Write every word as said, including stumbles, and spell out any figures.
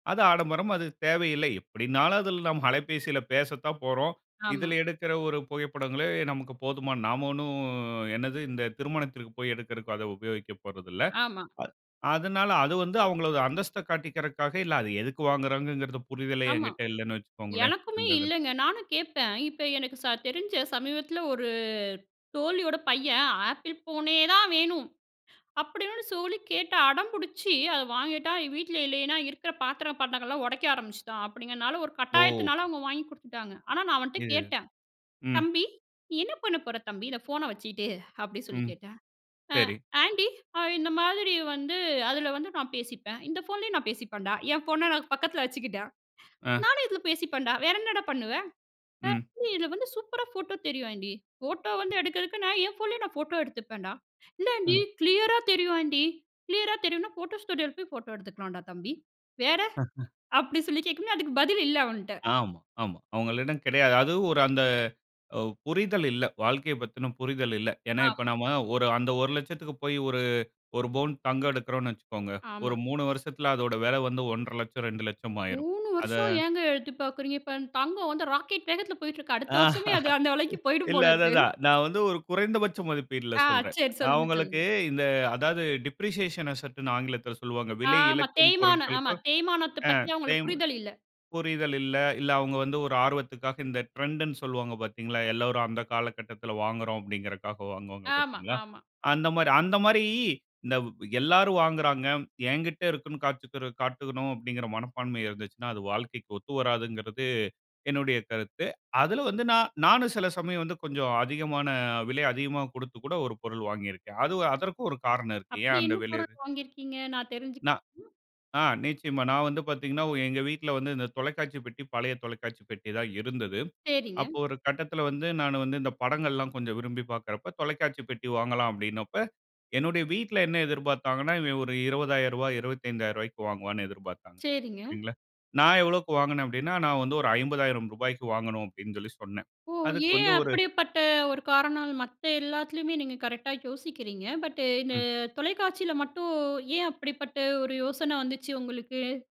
அது ஆடம்பரம் அது தேவையில்லை. எப்படின்னாலும் அதுல நாம் அலைபேசியில பேசத்தான் போறோம். ஆமா. இதுல எடுக்குற ஒரு புகைப்படங்களே நமக்கு போதுமா நாம ஒண்ணும், என்னது இந்த திருமணத்துக்கு போய் எடுக்கறதுக்கு அத உபயோகிக்கப்போறதில்ல. ஆமா. அதுனால அது வந்து அவங்களோட அந்தஸ்த காட்டிக்கிறதுக்காக, இல்ல அது எதுக்கு வாங்குரோங்குறதுக்கு புரிதலே ஆமா. என்கிட்ட இல்லன்னு வச்சுக்கோங்களேன் எனக்குமே அந்த அது. இல்லங்க நானும் கேப்பேன். இப்ப எனக்கு ச தெரிஞ்ச சமீபத்துல ஒரு தோழியோட பையன் Apple ஃபோனே தான் வேணும், அப்படின்னு சொல்லி கேட்டு அடம்பிடிச்சு அத வாங்கிட்டான். வீட்ல இல்லன்னா இருக்குற பாத்திரம் பண்டங்கள்லாம் உடைக்க ஆரம்பிச்சுட்டான் அப்படிங்குறதுனால, ஒரு ஓ! கட்டாயத்துனால அவங்க வாங்கி குடுத்துட்டாங்க. ஆனா நான் அவன்ட்ட இது கேட்டேன், ம். "தம்பி நீ என்ன பண்ண போற தம்பி, இந்த ஃபோனை வச்சிட்டு?" அப்படி சொல்லி ம். கேட்டேன், ஆ சரி. ஆண்டி இந்த மாதிரி வந்து அதுல வந்து நான் பேசிப்பேன். இந்த ஃபோன்லேயும் நான் பேசிப்பேண்டா. என் ஃபோன்ன நான் பக்கத்தில வச்சுக்கிட்டேன். அ. நானும் இதுல பேசிப்பேன்டா. வேற என்னடா பண்ணுவ ம். [unintelligible] இதுல, வந்து சூப்பரா ஃபோட்டோ தெரியும் ஆண்டி. ஃபோட்டோ வந்து எடுக்கதுக்கு நான் என் ஃபோன்லே நான் ஃபோட்டோ எடுத்துப்பேன்டா, இல்ல ஆண்டி ம். கிளியரா தெரியும் ஆண்டி. கிளியரா தெரியும்னா ஃபோட்டோ ஸ்டுடியோல போய் ஃபோட்டோ எடுத்துக்கலாம்டா தம்பி. வேற அப்படி சொல்லி கேக்கும்போது, அதுக்கு பதில் இல்ல அவன்ட்ட. ஆம். ஆமா. அவங்களிடம் கிடையாது. அதுவும் ஒரு அந்த உ புரிதல் இல்ல. வாழ்க்கை பத்தின புரிதல் இல்ல. ஏன்னா இப்ப ஆமா. நாம ஒரு அந்த ஒரு லட்சத்துக்கு போய் ஒரு ஒரு பவுன் தங்கம் எடுக்குறோம்ன்னு வச்சுக்கோங்க. ஒரு ஆமா. மூணு வருசத்துல அதோட வெல வந்து ஒன்ற லட்சம், இரண்டு லட்சம் ஆயிரும். மூணு அத வருஷம் ஏங்க எடுத்து பாக்குறீங்க? இப்ப தங்கம் வந்து ராக்கெட் வேகத்துல போய்ட்டு இருக்கு. அடுத்த வருஷமே அது அந்த வெலைக்கு போயிடும் இல்ல போல அதான் இருக்கு. அதான், நான் வந்து ஒரு குறைந்தபட்ச மதிப்பீட்ல ஆ. சொல்றேன். சரி சொல்லுங்க, அவங்களுக்கு சொல்லுங்க. இந்த அதாவது டிப்ரிசியேஷன் அசெட்ன்னு ஆங்கிலத்துல சொல்வாங்க. விலை ஆமா. இழக்கும் தேய்மானம். ஆமா பொருட்களுக்கும் தேய்மானத்த அ பத்தி அவங்களுக்கு [unintelligible] புரிதல் இல்ல. புரிதல் இல்ல இல்ல, அவங்க வந்து ஒரு ஆர்வத்துக்காக இந்த ட்ரெண்ட்ன்னு சொல்வாங்க பாத்தீங்களா? எல்லாரும் அந்த காலக்கட்டத்துல வாங்குறோம் அப்டின்றதுக்காக வாங்குவாங்க ஆமா, பாத்தீங்களா? ஆமா. அந்த மாரி அந்த மாரி இந்த வ் எல்லாரும் வாங்குறாங்க. என்கிட்ட இருக்குன்னு காட்டிக்கிட காட்டனும் அப்படிங்குற மனப்பான்ம இருந்துச்சுனா அது வாழ்க்கைக்கு ஒத்துவராதுங்குறது என்னுடைய கருத்து. அதுல வந்து நான் நானும் சில சமயம் வந்து கொஞ்சம் அதிகமான விலை அதிகமா குடுத்து கூட ஒரு பொருள் வாங்கியிருக்கேன். அது அதற்கும் ஒரு காரணம் இருக்கு. அப்படி ஏன் அந்த என்ன விலை அது பொருள் வாங்கியிருக்கீங்க நான் தெரிஞ்சுக் நான் [unintelligible] ஆ நிச்சயமா. நான் வந்து பாத்தீங்கன்னா எங்க வீட்டுல வந்து இந்த தொலைக்காட்சி பெட்டி பழைய தொலைக்காட்சி பெட்டி தான் இருந்தது. சரிங்க. அப்போ ஒரு கட்டத்துல வந்து நான் வந்து இந்த படங்கல்லாம் கொஞ்சம் விரும்பி பாக்குறப்ப, தொலைக்காட்சி பெட்டி வாங்கலாம் அப்படின்னப்ப என்னுடைய வீட்டுல என்ன எதிர்பாத்தாங்கன்னா இவன் ஒரு இருபது ஆயிரரூபா, இருபத்தைந்து ஆயிரரூபாக்கு வாங்குவான்னு எதிர்பாத்தாங்க. சரிங்க. சரிங்களா. நான் எவ்வளவுக்கு வாங்குனேன் அப்படின்னா, நான் வந்து ஒரு ஐம்பது ஆயிரம் ரூபாக்கு வாங்கனும் அப்படின்னு சொல்லி சொன்னேன். ஓ! அதுக்கு ஏன் வந்து ஒரு அப்படிப்பட்ட ஒரு காரணம் மத்த எல்லாத்துலயுமே நீங்க கரெக்ட்டா யோசிக்கிறீங்க. பட் இந்த ம். தொலைக்காட்சியில மட்டும் ஏன் அப்படிப்பட்ட ஒரு யோசன வந்துச்சு உங்களுக்கு?